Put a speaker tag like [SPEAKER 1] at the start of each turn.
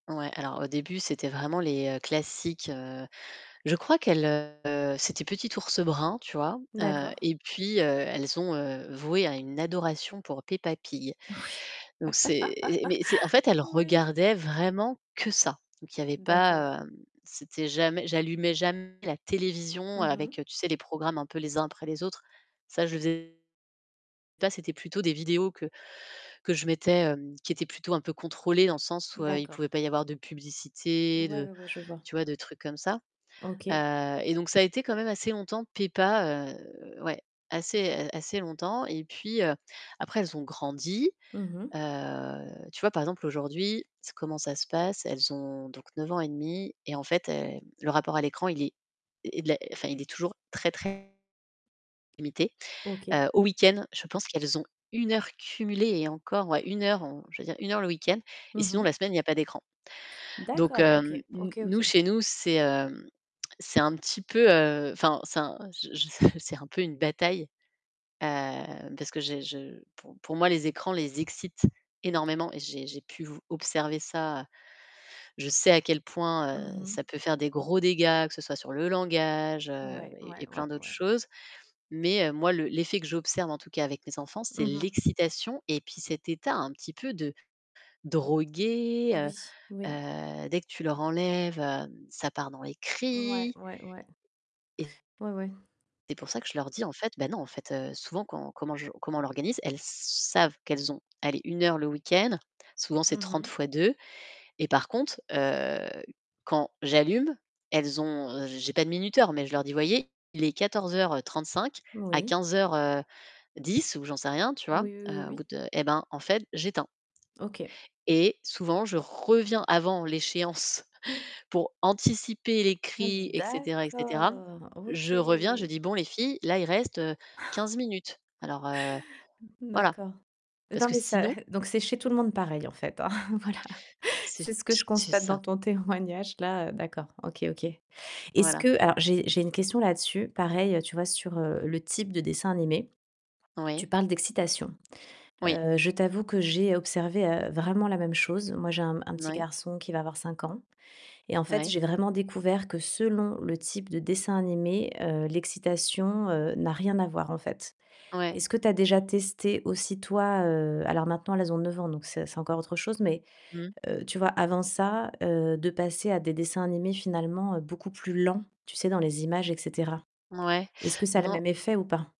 [SPEAKER 1] Ouais, alors au début, c'était vraiment les classiques, heu, je crois qu'elles, heu, c'était petit Ours Brun, tu vois
[SPEAKER 2] D'accord.
[SPEAKER 1] et heu, puis elles ont voué à une adoration pour Peppa Pig.
[SPEAKER 2] Oui.
[SPEAKER 1] Donc c'est heu, mais c'est en fait, elles
[SPEAKER 2] Oui.
[SPEAKER 1] regardaient vraiment que ça. Il y avait
[SPEAKER 2] D'accord.
[SPEAKER 1] pas, heu, c'était jamais, j'allumais jamais la télévision
[SPEAKER 2] Mmh
[SPEAKER 1] avec,
[SPEAKER 2] mh.
[SPEAKER 1] tu sais les programmes un peu les uns après les autres. Ça je faisais, pas c'était plutôt des vidéos que que je mettais, qui étaient plutôt un peu contrôlées dans le sens où il
[SPEAKER 2] D'accord.
[SPEAKER 1] pouvait pas y avoir de publicité,
[SPEAKER 2] Ouais,
[SPEAKER 1] de,
[SPEAKER 2] ouais, ouais je vois.
[SPEAKER 1] tu vois, de trucs comme ça et
[SPEAKER 2] OK.
[SPEAKER 1] heu, donc ça a été quand même assez longtemps, Peppa, ouais, assez, assez longtemps et puis heu, après, elles ont grandi,
[SPEAKER 2] Mmh mh.
[SPEAKER 1] heu, tu vois, par exemple aujourd'hui, comment ça se passe, elles ont donc 9 ans et demi et en fait le rapport à l'écran il est il est enfin il est toujours très très limité.
[SPEAKER 2] OK.
[SPEAKER 1] Au week-end, je pense qu'elles ont 1 heure cumulée et encore 1 heure, je veux dire 1 heure le week-end et
[SPEAKER 2] Mmh
[SPEAKER 1] sinon
[SPEAKER 2] mh.
[SPEAKER 1] la semaine il y a pas d'écran. Donc
[SPEAKER 2] D'accord,
[SPEAKER 1] hem,
[SPEAKER 2] OK,
[SPEAKER 1] n n
[SPEAKER 2] OK,
[SPEAKER 1] nous
[SPEAKER 2] OK.
[SPEAKER 1] chez nous, c'est, hem, c'est un petit peu, heu, enfin c'est un je je s je c'est un peu une bataille, heu, parce que j'ai je pou pour moi les écrans les excitent énormément et j'ai j'ai pu vous observer ça. Je sais à quel point, heu,
[SPEAKER 2] Mmh mh.
[SPEAKER 1] ça peut faire des gros dégâts, que ce soit sur le langage, heu
[SPEAKER 2] Ouais, ouais,
[SPEAKER 1] et plein
[SPEAKER 2] ouais,
[SPEAKER 1] d'autres
[SPEAKER 2] ouais.
[SPEAKER 1] choses. Mais heu, moi, l'effet que j'observe en tout cas avec mes enfants,
[SPEAKER 2] Mmh
[SPEAKER 1] c'est
[SPEAKER 2] mh.
[SPEAKER 1] l'excitation et puis cet état un petit peu de drogué,
[SPEAKER 2] Oui, oui.
[SPEAKER 1] heu, dès que tu leur enlèves, hem, ça part dans les
[SPEAKER 2] Ouais,
[SPEAKER 1] cris.
[SPEAKER 2] ouais, ouais.
[SPEAKER 1] Et
[SPEAKER 2] Ouais, ouais.
[SPEAKER 1] c'est pour ça que je leur dis en fait: «Bah non, en fait». Heu, souvent, quand comment je comment on l'organise, elles savent qu'elles ont, allez, 1 heure le week-end, souvent c'est
[SPEAKER 2] Mmh
[SPEAKER 1] 30
[SPEAKER 2] mh.
[SPEAKER 1] fois 2 et par contre, heu, quand j'allume, elles ont j'ai pas de minuteur, mais je leur dis: «Voyez, il est 14:35 à
[SPEAKER 2] Oui.
[SPEAKER 1] 15:10» ou j'en sais rien, tu
[SPEAKER 2] Oui,
[SPEAKER 1] vois?
[SPEAKER 2] oui,
[SPEAKER 1] Heu, au bout
[SPEAKER 2] oui.
[SPEAKER 1] de eh ben en fait j'éteins.
[SPEAKER 2] OK.
[SPEAKER 1] Et souvent, je reviens avant l'échéance pour anticiper les cris
[SPEAKER 2] Hem,
[SPEAKER 1] et cetera et cetera.
[SPEAKER 2] d'accord, OK.
[SPEAKER 1] Je reviens, je dis: «Bon les filles, là, il reste, heu, 15 minutes. Alors heu,
[SPEAKER 2] Mmh mh.
[SPEAKER 1] voilà»,
[SPEAKER 2] D'accord.
[SPEAKER 1] parce que sinon
[SPEAKER 2] [unintelligible] Donc c'est chez tout le monde pareil en fait, voilà.
[SPEAKER 1] C'est
[SPEAKER 2] C'est ce que je
[SPEAKER 1] c'est
[SPEAKER 2] constate dans
[SPEAKER 1] ça.
[SPEAKER 2] ton témoignage là, d'accord, OK, OK. Est-ce
[SPEAKER 1] Voilà.
[SPEAKER 2] que alors j'ai j'ai une question là-dessus, pareil tu vois sur le type de dessin animé.
[SPEAKER 1] Oui.
[SPEAKER 2] Tu parles d'excitation.
[SPEAKER 1] Oui.
[SPEAKER 2] Heu, je t'avoue que j'ai observé vraiment la même chose. Moi j'ai un un petit
[SPEAKER 1] Oui.
[SPEAKER 2] garçon qui va avoir 5 ans et en fait,
[SPEAKER 1] Ouais.
[SPEAKER 2] j'ai vraiment découvert que selon le type de dessin animé, heu, l'excitation, heu, n'a rien à voir, en fait.
[SPEAKER 1] Oui.
[SPEAKER 2] Est-ce que tu as déjà testé aussi toi, heu, alors maintenant elles ont 9 ans, donc, c'est c'est encore autre chose, mais,
[SPEAKER 1] Mmh.
[SPEAKER 2] heu, tu vois avant ça, heu, de passer à des dessins animés finalement beaucoup plus lents, tu sais dans les images et cetera.
[SPEAKER 1] Mouais,
[SPEAKER 2] Est-ce que ça a le
[SPEAKER 1] non
[SPEAKER 2] même effet ou pas?